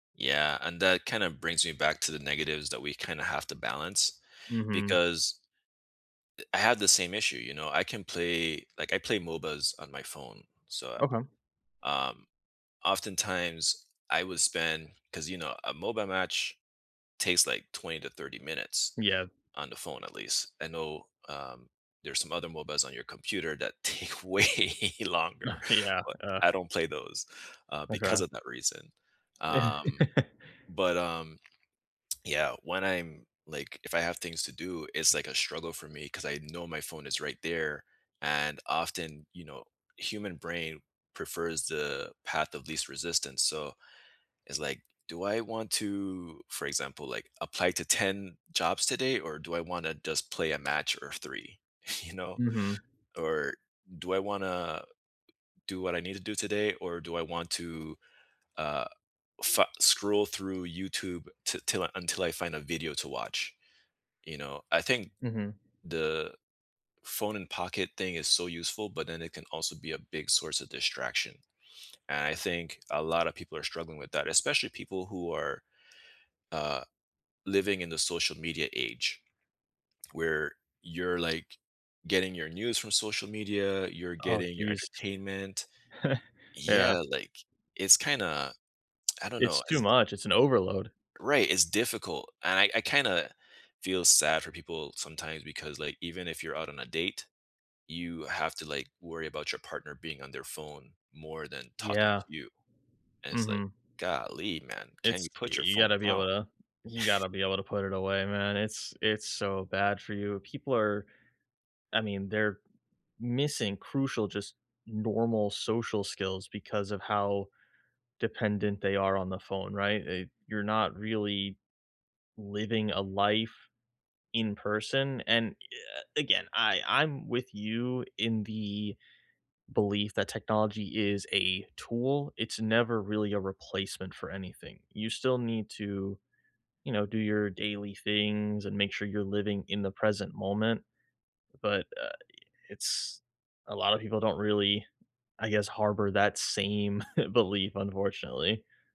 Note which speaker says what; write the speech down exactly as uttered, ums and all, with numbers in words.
Speaker 1: Yeah, and that kinda brings me back to the negatives that we kinda have to balance,
Speaker 2: Mhm.
Speaker 1: because, i I have the same issue, you know, I can play like, I play MOBAs on my phone, so,
Speaker 2: Okay.
Speaker 1: um, oftentimes I would spend 'cause, you know, a MOBA match takes, like, twenty to thirty minutes
Speaker 2: Yeah.
Speaker 1: on the phone at least, I know, um, there's some other MOBAs on your computer that take way longer,
Speaker 2: Yeah,
Speaker 1: but
Speaker 2: uh
Speaker 1: I don't play those, uh, because
Speaker 2: Okay.
Speaker 1: of that reason, um, but, um Yeah, when I'm like, if I have things to do, it's like a struggle for me, 'cause I know my phone is right there, and often, you know, human brain prefers the path of least resistance, so, it's like, "Do I want to" for example, like, "apply to ten jobs today, or do I wanna just play a match or three?" you know?
Speaker 2: Mhm.
Speaker 1: Or, "Do I wanna do what I need to do today?" or, "Do I want to, uh, fu scroll through YouTube ti 'till until I find a video to watch?" You know, I think,
Speaker 2: Mhm.
Speaker 1: the phone-in-pocket thing is so useful, but then it can also be a big source of distraction, and I think a lotta people are struggling with that, especially people who are, uh, living in the social media age, where you're, like, getting your news from social media, you're
Speaker 2: Oh,
Speaker 1: getting your
Speaker 2: jeez.
Speaker 1: entertainment.
Speaker 2: Yeah.
Speaker 1: Yeah, like, it's kinda I don't
Speaker 2: It's
Speaker 1: know,
Speaker 2: too
Speaker 1: is d
Speaker 2: much, it's an overload.
Speaker 1: Right, it's difficult, and I I kinda feel sad for people sometimes because, like, even if you're out on a date, you have to, like, worry about your partner being on their phone more than talking
Speaker 2: Yeah.
Speaker 1: to you, and it's, like,
Speaker 2: Mhm.
Speaker 1: "Golly, man. Can
Speaker 2: It's
Speaker 1: you put your
Speaker 2: You
Speaker 1: phone
Speaker 2: gotta be
Speaker 1: down?"
Speaker 2: able to You gotta be able to put it away, man, it's it's so bad for you. People are I mean, they're missing crucial, just normal social skills because of how dependent they are on the phone, right? It You're not really living a life in person, and i uh, again, I I'm with you in the belief that technology is a tool, it's never really a replacement for anything, you still need to, you know, do your daily things and make sure you're living in the present moment, but, uh, i it's a lotta people don't really, I guess, harbor that same belief, unfortunately.